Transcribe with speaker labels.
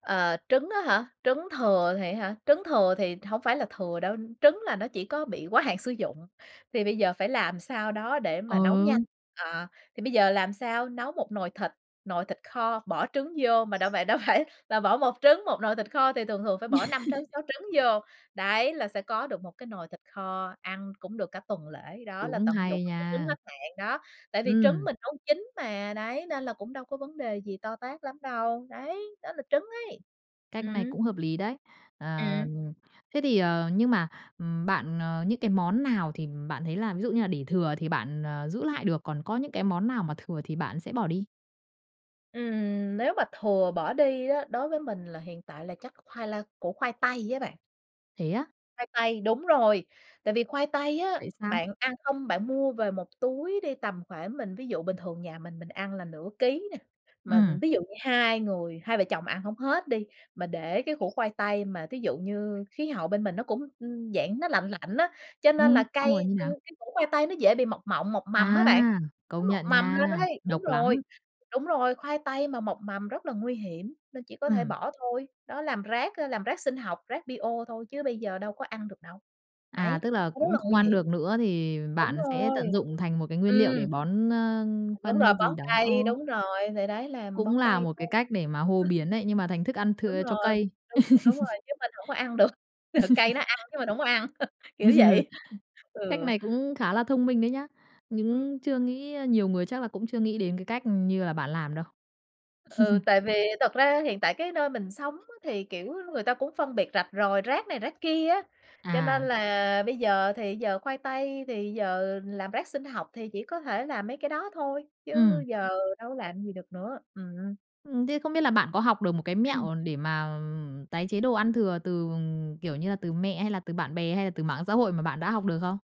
Speaker 1: Ờ, trứng á hả, trứng thừa thì á hả? Trứng thừa thì hổng phải là thừa đâu. Trứng là nó chỉ có bị quá hạn sử dụng. Thì bây giờ phải làm sao đó để mà nấu nhanh.
Speaker 2: Ờ.
Speaker 1: Ờ, thì bây giờ làm sao nấu một nồi thịt nồi thịt kho bỏ trứng vô, mà đã vậy đâu phải là bỏ 1 trứng, một nồi thịt kho thì thường thường phải bỏ 5 trứng, 6 trứng vô. Đấy, là sẽ có được một cái nồi thịt kho, ăn cũng được cả tuần lễ đó, là
Speaker 2: Cũng
Speaker 1: tận dụng
Speaker 2: hay
Speaker 1: mấy cái trứng
Speaker 2: nha!
Speaker 1: hết hạn đó. Tại vì trứng
Speaker 2: Ừm.
Speaker 1: mình nấu chín mà, đấy, nên là cũng đâu có vấn đề gì to tát lắm đâu. Đấy, đó là trứng ấy.
Speaker 2: Cách này
Speaker 1: Ừm.
Speaker 2: cũng hợp lý đấy! Ờ,
Speaker 1: Ừm.
Speaker 2: thế thì, ờ, nhưng mà, ừm, bạn, ờ những cái món nào thì bạn thấy là, ví dụ như là, để thừa thì bạn, ờ, giữ lại được, còn có những cái món nào mà thừa thì bạn sẽ bỏ đi?
Speaker 1: Ừm, nếu mà thừa bỏ đi á, đối với mình là hiện tại là chắc khoai la củ khoai tây á bạn.
Speaker 2: Thế á?
Speaker 1: Khoai tây, đúng rồi. Tại vì khoai tây á,
Speaker 2: Tại sao?
Speaker 1: bạn ăn không bạn mua về 1 túi đi, tầm khoảng, mình ví dụ, bình thường nhà mình mình ăn là nửa ký nè, mà
Speaker 2: Ừm.
Speaker 1: ví dụ như 2 người, hai vợ chồng ăn hông hết đi. Mà để cái củ khoai tây, mà thí dụ như khí hậu bên mình nó cũng, ừm, dạng nó lạnh lạnh á, cho nên là
Speaker 2: Ừm, xong
Speaker 1: cây
Speaker 2: rồi như
Speaker 1: c
Speaker 2: nào?
Speaker 1: cái củ khoai tây nó dễ bị mọc mộng, mọc mầm á
Speaker 2: À,
Speaker 1: bạn. Nó
Speaker 2: công
Speaker 1: mọc
Speaker 2: nhận
Speaker 1: mầm
Speaker 2: nha,
Speaker 1: lên ấy. Đúng
Speaker 2: độc lắm.
Speaker 1: rồi, đúng rồi, khoai tây mà mọc mầm rất là nguy hiểm, nên chỉ có thể
Speaker 2: Ừm.
Speaker 1: bỏ thôi. Đó, làm rác, a, làm rác sinh học, rác bio thôi, chứ bây giờ đâu có ăn được đâu.
Speaker 2: À,
Speaker 1: Đấy,
Speaker 2: tức là
Speaker 1: nó rất
Speaker 2: cũng
Speaker 1: là
Speaker 2: không
Speaker 1: nguy
Speaker 2: ăn
Speaker 1: hiểm.
Speaker 2: được nữa thì
Speaker 1: Đúng
Speaker 2: bạn sẽ
Speaker 1: rồi.
Speaker 2: tận dụng thành một cái nguyên liệu để
Speaker 1: Ừm.
Speaker 2: bón, a,
Speaker 1: Đúng
Speaker 2: phân
Speaker 1: rồi,
Speaker 2: hay gì
Speaker 1: bón
Speaker 2: đó.
Speaker 1: cây,
Speaker 2: Ờ.
Speaker 1: đúng rồi, thì đấy, làm
Speaker 2: Cũng
Speaker 1: bón
Speaker 2: là
Speaker 1: cây
Speaker 2: một
Speaker 1: thôi.
Speaker 2: cái cách để mà hô biến đấy, nhưng mà thành thức ăn
Speaker 1: Đúng
Speaker 2: thừa cho
Speaker 1: rồi,
Speaker 2: cây.
Speaker 1: đúng, đúng rồi, chứ mình hổng có ăn được. Cây nó ăn chứ mình hỏng có ăn,
Speaker 2: Ừ.
Speaker 1: kiểu vậy.
Speaker 2: Cách
Speaker 1: Ừ.
Speaker 2: này cũng khá là thông minh đấy nhá.
Speaker 1: Ừm.
Speaker 2: Những chưa nghĩ, a nhiều người chắc là cũng chưa nghĩ đến cái cách, ừm, như là bạn làm đâu.
Speaker 1: Ừ, tại vì thật ra hiện tại cái nơi mình sống á, thì, kiểu á, người ta cũng phân biệt rạch ròi, rác này rác kia á. Cho nên
Speaker 2: À.
Speaker 1: là bây giờ thì giờ khoai tây thì giờ làm rác sinh học thì chỉ có thể làm mấy cái đó thôi, chứ
Speaker 2: Ừm.
Speaker 1: giờ đâu có làm gì được nữa. Ừm.
Speaker 2: Ừm, thế không biết là bạn có học được một cái mẹo để mà, ừm, tái chế đồ ăn thừa từ, ừm, kiểu như là, từ mẹ hay là từ bạn bè, hay là từ mạng xã hội mà bạn đã học được không?